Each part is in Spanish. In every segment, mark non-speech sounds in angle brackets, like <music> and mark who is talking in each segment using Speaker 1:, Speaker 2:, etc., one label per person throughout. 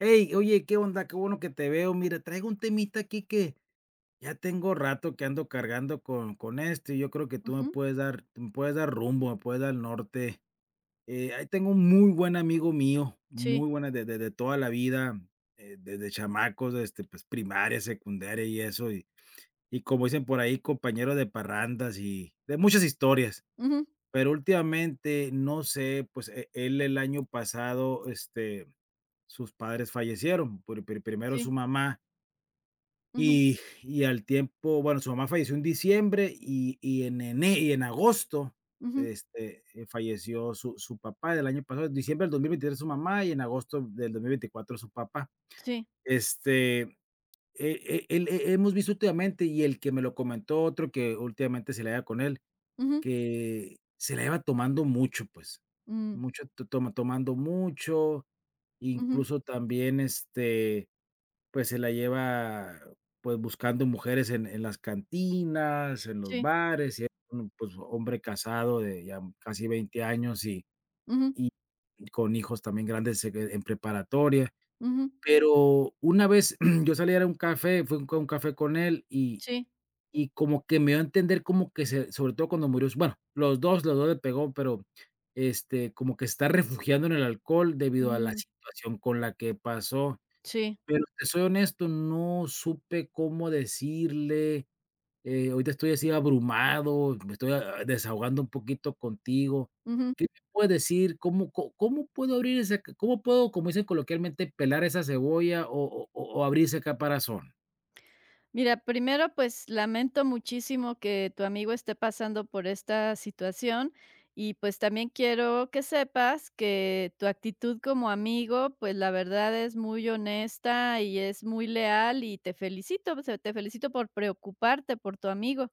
Speaker 1: Ey, oye, qué onda, qué bueno que te veo, mira, traigo un temita aquí que, ya tengo rato que ando cargando con con esto y yo creo que tú me
Speaker 2: Ujú.
Speaker 1: puedes dar me puedes dar rumbo, me puedes dar norte, eh, ahí tengo un muy buen amigo mío,
Speaker 2: Sí.
Speaker 1: muy buena de de de toda la vida, eh, desde chamacos, este, pues, primaria, secundaria y eso y y como dicen por ahí, compañero de parrandas y de muchas historias,
Speaker 2: Ujú.
Speaker 1: pero últimamente, no sé, pues, eh, él el año pasado, este, sus padres fallecieron por pri primero su
Speaker 2: Sí.
Speaker 1: mamá
Speaker 2: Ujú.
Speaker 1: y y al tiempo bueno, su mamá falleció en diciembre y y en ene y en agosto,
Speaker 2: Ujú.
Speaker 1: este, falleció su su papá el año pasado, en diciembre del 2023, su mamá y en agosto del 2024, su papá.
Speaker 2: Sí.
Speaker 1: Este, eh eh, el he hemos visto últimamente y el que me lo comentó, otro que últimamente se la lleva con él,
Speaker 2: Ujú.
Speaker 1: que se la lleva tomando mucho, pues,
Speaker 2: Mm.
Speaker 1: mucho t toma tomando mucho,
Speaker 2: Ujú.
Speaker 1: incluso también, este, pues, se la lleva, pues buscando mujeres en en las cantinas, en los
Speaker 2: Sí.
Speaker 1: bares y <unintelligible> hombre casado de ya casi 20 años, y
Speaker 2: Ujú.
Speaker 1: y con hijos también grandes, eh, en preparatoria,
Speaker 2: Ujú.
Speaker 1: pero una vez <clears throat> yo salí a dar un café, fui a un con café con él y
Speaker 2: Sí.
Speaker 1: y como que me dio a entender, como que se sobre todo cuando murió su bueno, los 2 los 2 le pegó, pero, este, como que se está refugiando en el alcohol, debido a la
Speaker 2: Mm.
Speaker 1: situación con la que pasó,
Speaker 2: Sí.
Speaker 1: pero te soy honesto, no supe cómo decirle, eh, ahorita estoy así abrumado, me estoy, ah ah, desahogando un poquito contigo,
Speaker 2: Ujú.
Speaker 1: ¿qué me puedes decir cómo có cómo puedo abrir ese c cómo puedo, como dicen coloquialmente: "pelar esa cebolla" o o o o abrir ese caparazón?
Speaker 2: Mira, primero, pues, lamento muchísimo que tu amigo esté pasando por esta situación y, pues, también quiero que sepas, que tu actitud como amigo, pues, la verdad, es muy honesta y es muy leal, y te felicito, o sea, te felicito por preocuparte por tu amigo,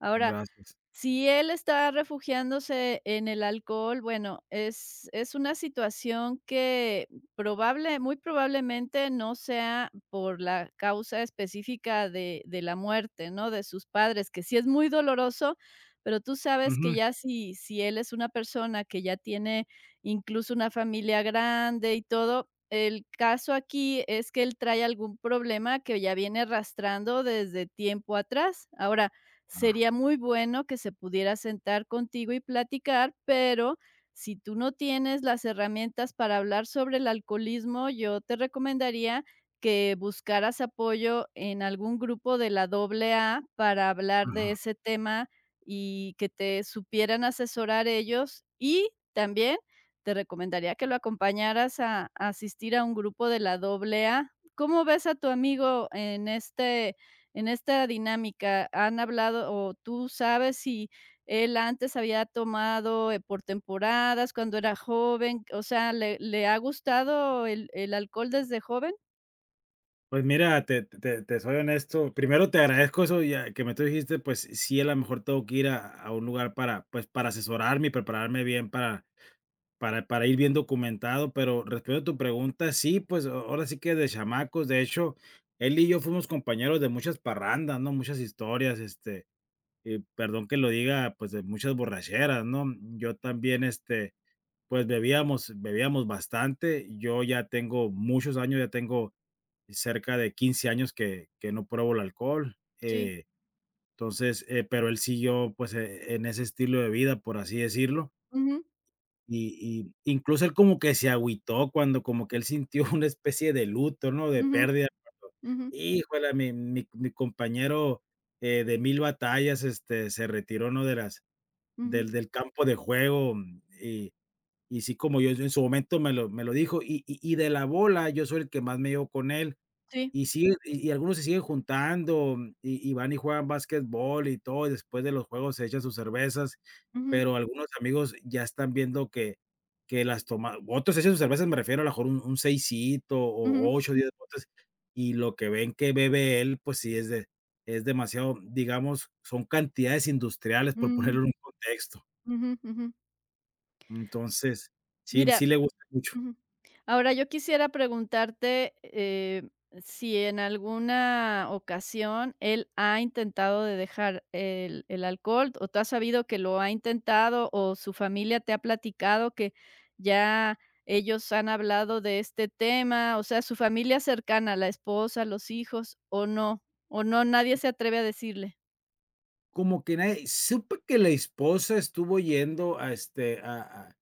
Speaker 2: ahora,
Speaker 1: Gracias.
Speaker 2: si él está refugiándose en el alcohol, bueno, es es una situación que probable, muy probablemente no sea por la causa específica de de la muerte, ¿no?, de sus padres, que sí es muy doloroso, pero tú sabes que
Speaker 1: Ujú.
Speaker 2: ya si si él es una persona que ya tiene, incluso una familia grande y todo, el caso aquí es que, él trae algún problema que ya viene arrastrando desde tiempo atrás. Ahora,
Speaker 1: Ah.
Speaker 2: sería muy bueno que se pudiera sentar contigo y platicar, pero, si tú no tienes las herramientas para hablar sobre el alcoholismo, yo te recomendaría, que buscaras apoyo en algún grupo de la AA, para hablar de
Speaker 1: Ujú.
Speaker 2: ese tema y que te supieran asesorar ellos, y también, te recomendaría que lo acompañaras a asistir a un grupo de la AA, ¿cómo ves a tu amigo en, este en esta dinámica?, ¿han hablado, o tú sabes si él antes había tomado, eh, por temporadas, cuando era joven? O sea, ¿le le ha gustado el el alcohol desde joven?
Speaker 1: Pues mira, te te te soy honesto, primero te agradezco eso ya que me tú dijiste, pues s sí, a lo mejor tengo que ir a a un lugar para, pues, para asesorarme y prepararme bien para para para ir bien documentado, pero respondiendo a tu pregunta, sí, pues, a ahora sí que de chamacos, de hecho, él y yo fuimos compañeros de muchas parrandas, ¿no?, muchas historias, este, y perdón que lo diga, pues, de muchas borracheras, ¿no?, yo también, este, pues, bebíamos bebíamos bastante, yo ya tengo muchos años, ya tengo cerca de 15 años que que no pruebo el alcohol,
Speaker 2: Sí.
Speaker 1: eh, entonces, eh, pero él siguió, pues, e en ese estilo de vida, por así decirlo
Speaker 2: Ujú.
Speaker 1: y y incluso él como que se agüitó, cuando como que él sintió una especie de luto, ¿no?, de
Speaker 2: Ujú,
Speaker 1: pérdida
Speaker 2: ujú.
Speaker 1: <unintelligible> "Híjole, mi mi mi compañero, eh, de 1000 batallas, este, se retiró, ¿no?, de las
Speaker 2: Ujú.
Speaker 1: del del campo de juego", y y sí, como yo en su momento me lo me lo dijo, y y y de la bola, yo soy el que más me llevo con él,
Speaker 2: Sí.
Speaker 1: y sigue y y algunos se siguen juntando y y van y juegan básquetbol y todo, y después de los juegos se echan sus cervezas,
Speaker 2: Ujú.
Speaker 1: pero algunos amigos ya están viendo que que las toma otros se echan sus cervezas, me refiero a lo mejor un seisito o
Speaker 2: Ujú.
Speaker 1: 8, 10 botes y lo que ven que bebe él, pues sí, es de es demasiado, digamos, son cantidades industriales por
Speaker 2: Mm.
Speaker 1: ponerlo en un contexto.
Speaker 2: Ujú, ujú.
Speaker 1: Entonces, sí, él sí
Speaker 2: Mira
Speaker 1: le gusta mucho.
Speaker 2: ujú, ahora yo quisiera preguntarte, eh, ¿si en alguna ocasión él ha intentado de dejar el el alcohol?, ¿O tú has sabido que lo ha intentado? ¿O su familia te ha platicado que ya ellos han hablado de este tema, o sea, su familia cercana, la esposa, los hijos? ¿o no o no, nadie se atreve a decirle?
Speaker 1: Como que nadie supe que la esposa estuvo yendo a, este, a a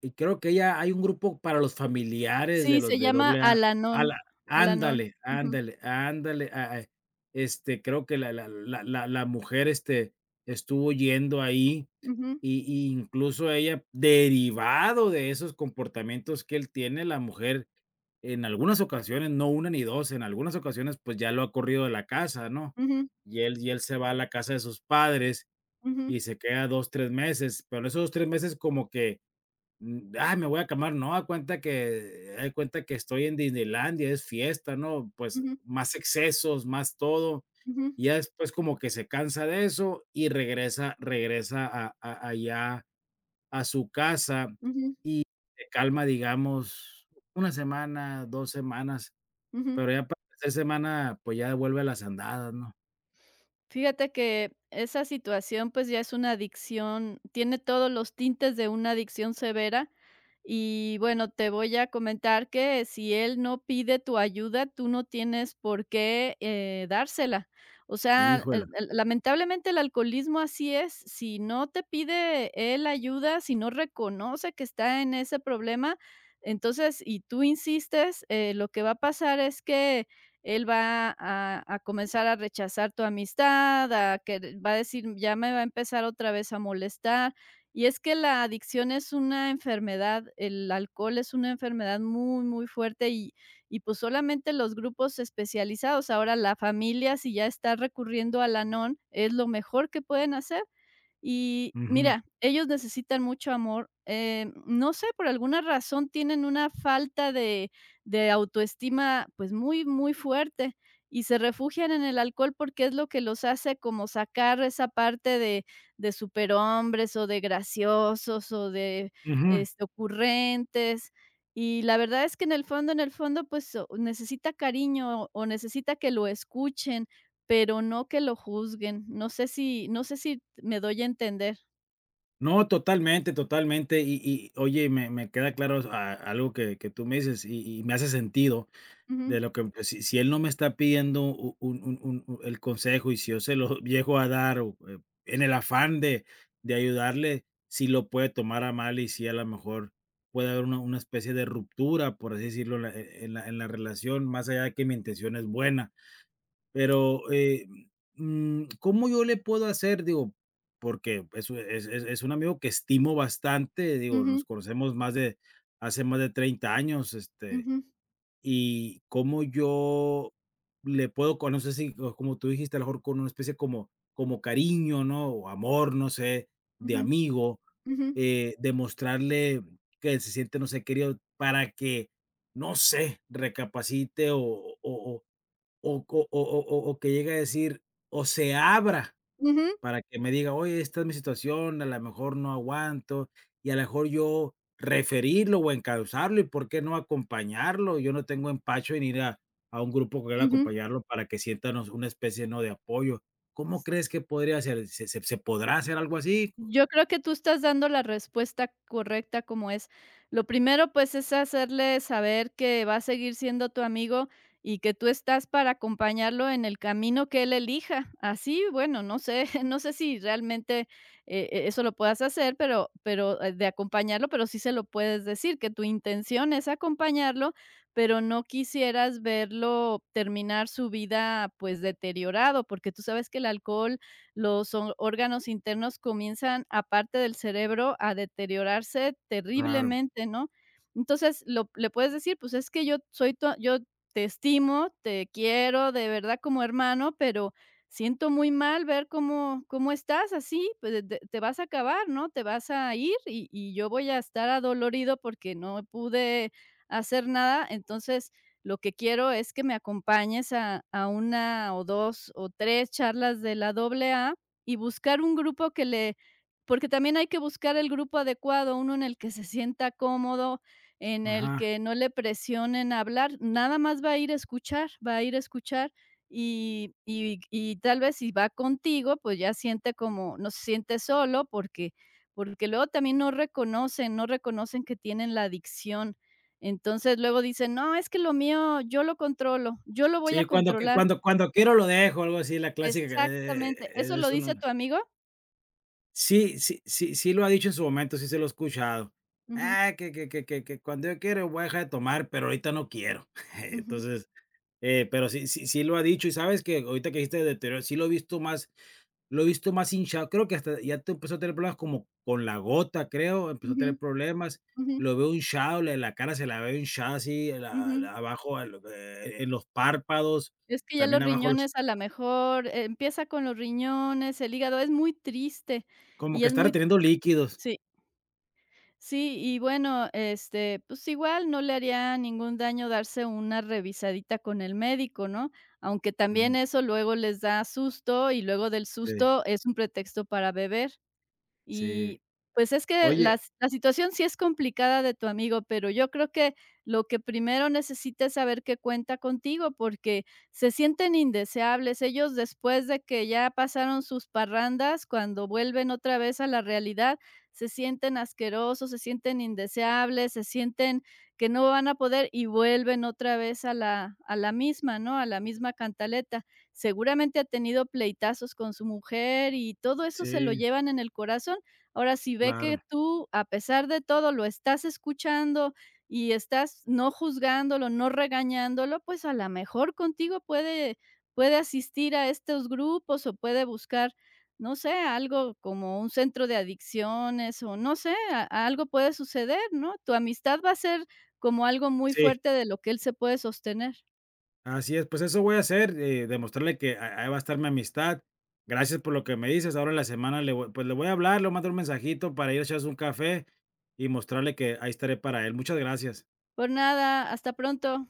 Speaker 1: y creo que ella hay un grupo para los familiares de
Speaker 2: Sí,
Speaker 1: los
Speaker 2: se
Speaker 1: de
Speaker 2: llama
Speaker 1: AA, a
Speaker 2: Al-Anon,
Speaker 1: la
Speaker 2: Al-Anon,
Speaker 1: Ándale,
Speaker 2: ujú.
Speaker 1: ándale, ándale, ah ah, este, creo que la la la la la mujer, este, estuvo yendo ahí
Speaker 2: Ujú.
Speaker 1: y y incluso ella, derivado de esos comportamientos que él tiene, la mujer, en algunas ocasiones, no 1, ni 2, en algunas ocasiones, pues, ya lo ha corrido de la casa, ¿no?,
Speaker 2: Ujú.
Speaker 1: y él y él se va a la casa de sus padres
Speaker 2: Ujú.
Speaker 1: y se queda 2, tres meses, pero en esos 2, tres meses como que, um. "Ah, me voy a calmar", no, haga de cuenta que, eh, de cuenta que estoy en Disneylandia, es fiesta, ¿no?, pues,
Speaker 2: Ujú.
Speaker 1: más excesos, más todo
Speaker 2: Ujú.
Speaker 1: y ya después, como que se cansa de eso, y regresa regresa a a allá a su casa y
Speaker 2: Ujú.
Speaker 1: se calma, digamos 1 semana, 2 semanas,
Speaker 2: Ujú.
Speaker 1: pero ya para la tercer semana, pues, ya vuelve las andadas, ¿no?
Speaker 2: Fíjate que, esa situación, pues, ya es una adicción, tiene todos los tintes de una adicción severa, y bueno, te voy a comentar que si él no pide tu ayuda, tú no tienes por qué, eh, dársela, o sea,
Speaker 1: Hijuela.
Speaker 2: el el lamentablemente, el alcoholismo así es, si no te pide él ayuda, si no reconoce que está en ese problema, entonces y tú insistes, eh, lo que va a pasar es que él va a a comenzar a rechazar tu amistad a que v va a decir: "Ya me va a empezar otra vez a molestar", y es que la adicción es una enfermedad el alcohol es una enfermedad muy muy fuerte, y y, pues, solamente los grupos especializados, ahora la familia, si ya está recurriendo a Al-Anon, es lo mejor que pueden hacer, y
Speaker 1: Ujú.
Speaker 2: mira, ellos necesitan mucho amor, eh, no sé, por alguna razón tienen una falta de de autoestima, pues, muy muy fuerte y se refugian en el alcohol porque es lo que los hace como sacar esa parte de de superhombres o de graciosos, o de
Speaker 1: Ujú.
Speaker 2: es ocurrentes, y la verdad es que en el fondo en el fondo, pues, oh, necesita cariño o necesita que lo escuchen, pero no que lo juzguen, no sé si no sé si me doy a entender.
Speaker 1: No, totalmente, totalmente y y oye, me me queda claro a algo que que tú me dices y y me hace sentido
Speaker 2: Ujú.
Speaker 1: de lo que si si él no me está pidiendo u un un un el consejo y si, yo se lo llego a dar, o en el afán de de ayudarle, sí lo puede tomar a mal y sí, a lo mejor, puede haber una una especie de ruptura, por así decirlo, la e e en la en la relación, más allá de que mi intención es buena, pero, eh, mm, ¿cómo yo le puedo hacer?, digo, porque pues u e es es es un amigo que estimo bastante, digo, nos
Speaker 2: Ujú.
Speaker 1: conocemos más de hace más de 30 años, este,
Speaker 2: Ujú.
Speaker 1: y cómo yo le puedo con no sé si, o como tú dijiste a lo mejor con una especie como como cariño, ¿no?, o amor, no sé, de
Speaker 2: Ujú,
Speaker 1: amigo,
Speaker 2: ujú.
Speaker 1: eh, demostrarle que se siente, no sé, querido para que, no sé, recapacite o o o o co o o o o que llegue a decir, o se abra
Speaker 2: Ujú.
Speaker 1: para que me diga: "Oye, esta es mi situación, a lo mejor, no aguanto" y, a lo mejor, yo referirlo o encausarle, y, ¿por qué no, acompañarlo? Yo no tengo empacho en ir a a un grupo con él a
Speaker 2: Ujú.
Speaker 1: acompañarlo para que sienta, ¿no?, una especie, ¿no?, de apoyo. ¿Cómo crees que podría hacer? ¿Se se se podrá hacer algo así?
Speaker 2: Yo creo que tú estás dando la respuesta correcta, como es. Lo primero, pues, es hacerle saber que va a seguir siendo tu amigo y que tú estás para acompañarlo en el camino que él elija. Así, bueno, no sé, no sé si realmente e eso lo puedas hacer, pero pero de acompañarlo, pero sí se lo puedes decir, que tu intención es acompañarlo, pero no quisieras verlo terminar su vida, pues, deteriorado, porque tú sabes que el alcohol, los o órganos internos comienzan, aparte del cerebro, a deteriorarse
Speaker 1: Claro.
Speaker 2: terriblemente, ¿no?, entonces lo le puedes decir: "Pues, es que yo soy tu a yo te estimo, te quiero, de verdad, como hermano, pero siento muy mal ver cómo cómo estás así, pues, te te vas a acabar, ¿no?, te vas a ir y y yo voy a estar adolorido porque no pude hacer nada, entonces, lo que quiero es que me acompañes a a 1 o 2 o 3 charlas de la AA", y buscar un grupo que le porque también hay que buscar el grupo adecuado, uno en el que se sienta cómodo, en el
Speaker 1: Ajá.
Speaker 2: que no le presionen hablar, nada más va a ir a escuchar va a ir a escuchar y y y tal vez si va contigo, pues, ya siente como no se siente solo porque porque, luego también no reconocen. no reconocen que tienen la adicción, entonces luego dicen: "No, es que lo mío, yo lo controlo, yo lo voy
Speaker 1: Sí,
Speaker 2: a
Speaker 1: cuando que
Speaker 2: controlar".
Speaker 1: cuando cuando quiero, lo dejo algo así, la clásica, eh,
Speaker 2: Exactamente, ¿eso lo
Speaker 1: es uno
Speaker 2: dice tu amigo?
Speaker 1: Sí sí sí sí, lo ha dicho en su momento. Sí, se lo he escuchado:
Speaker 2: Ujú.
Speaker 1: "Ah, que que que que que cuando yo quiera voy a dejar de tomar, pero ahorita no quiero", <laughs>
Speaker 2: Ujú.
Speaker 1: entonces, eh, pero sí sí sí lo ha dicho. Y ¿sabes qué?, ahorita que dijiste deterioro, sí, lo he visto más lo he visto más hinchado. Creo que hasta ya t empezó a tener problemas como con la gota, creo. Empezó a tener
Speaker 2: Ujú,
Speaker 1: problemas.
Speaker 2: ujú.
Speaker 1: Lo veo hinchado le la cara se la veo hinchada así la
Speaker 2: Ujú.
Speaker 1: la abajo, eh, e en los párpados
Speaker 2: Es que ya
Speaker 1: también
Speaker 2: los
Speaker 1: abajo los
Speaker 2: riñones a la mejor empieza con los riñones, el hígado, es muy triste
Speaker 1: Como
Speaker 2: y
Speaker 1: que
Speaker 2: es
Speaker 1: está
Speaker 2: muy
Speaker 1: reteniendo líquidos.
Speaker 2: sí. Sí, y bueno, este, pues igual no le haría ningún daño darse una revisadita con el médico, ¿no?, aunque también
Speaker 1: Ujú.
Speaker 2: eso luego les da susto y luego del
Speaker 1: Sí.
Speaker 2: susto es un pretexto para beber. Y
Speaker 1: Sí,
Speaker 2: pues, es que
Speaker 1: oye
Speaker 2: la la situación sí es complicada de tu amigo, pero yo creo que lo que primero necesita es saber que cuenta contigo, porque se sienten indeseables ellos después de que ya pasaron sus parrandas cuando vuelven otra vez a la realidad, se sienten asquerosos, se sienten indeseables, se sienten que no van a poder y vuelven otra vez a la a la misma, ¿no?, a la misma cantaleta. Seguramente ha tenido pleitazos con su mujer y todo eso se lo
Speaker 1: Sí.
Speaker 2: llevan en el corazón. Ahora, si ve que
Speaker 1: Claro.
Speaker 2: tú, a pesar de todo, lo estás escuchando y estás, no juzgándolo, no regañándolo, pues, a la mejor contigo puede puede asistir a estos grupos o puede buscar, no sé, algo como un centro de adicciones o no sé, a algo puede suceder, ¿no?, tu amistad va a ser como algo muy
Speaker 1: Sí.
Speaker 2: fuerte de lo que él se puede sostener.
Speaker 1: Así es, pues, eso voy a hacer, eh, demostrarle que ah, ahí va a estar mi amistad. Gracias por lo que me dices ahora en la semana le voy pues, le voy a hablar. Le voy a mandar un mensajito para ir a echarse un café y mostrarle que ahí estaré para él. Muchas gracias.
Speaker 2: Por nada. Hasta pronto.